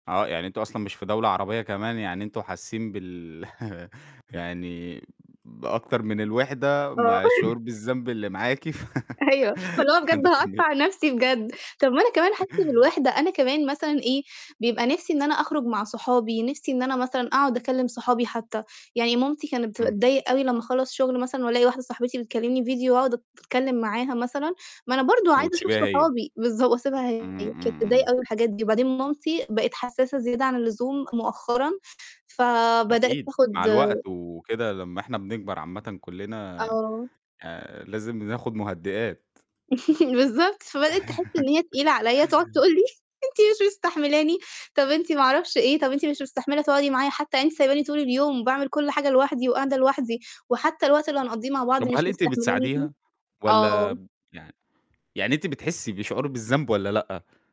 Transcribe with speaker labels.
Speaker 1: آه، يعني أنتم أصلًا مش في دولة عربية كمان يعني أنتم حاسين بال يعني بأكتر من الوحدة
Speaker 2: آه.
Speaker 1: مع الشعور بالذنب اللي معاكِ ف
Speaker 2: أيوه، فاللي هو بجد
Speaker 1: عندِك كم
Speaker 2: هاقطع نفسي بجد. طب ما أنا كمان حاسة بالوحدة، أنا كمان مثلًا إيه، بيبقى نفِسي إن أنا أخرج مع صحابي، نِفسي إن أنا مثلًا أقعد أكلِم صحابي حتى. يعني مامتي كانت
Speaker 1: إمم.
Speaker 2: بتتضايق أوي لمّا أخلّص شغل مثلًا وألاقي واحدة صاحبتي بتكلمني فيديو وأقعد أتكلم معاها مثلًا، ما أنا برضه عايزة أشوف
Speaker 1: وتسيبيها هي.
Speaker 2: صحابي بالضب وأسيبها هي،
Speaker 1: إمم،
Speaker 2: كانت
Speaker 1: إمم،
Speaker 2: تتضايق
Speaker 1: إمم.
Speaker 2: أوي من الحاجات دي وبعدين مامتي بقت حساسة زيادة عن اللزوم مؤخرًا فبدأت،
Speaker 1: أكيد، مع
Speaker 2: تاخد
Speaker 1: الوقت وكده لمّا إحنا بنكبر عامةً كُلّنا
Speaker 2: آه.
Speaker 1: آآ لازم بناخد مهدئات.
Speaker 2: بالضبط، فبدأت تحس إن هي تقيلة عليَّ، تقعد تقول لي: "أنت مش مستحملاني، طب أنتِ ما أعرفش إيه، طب أنتِ مش مستحملة تقعدي معايا حتى؟ يعني أنتِ سايباني طول اليوم باعمل كُل حاجة لوحدي وقاعدة لوحدي وحتى الوقت اللي هنقضيه مع بعض
Speaker 1: طب وهل
Speaker 2: مش
Speaker 1: أنتِ
Speaker 2: مستحملاني فيه؟"
Speaker 1: بتساعديها، والّا
Speaker 2: آه.
Speaker 1: يع يعني أنتِ بتحسي بشعور بالذنب والّا لأ؟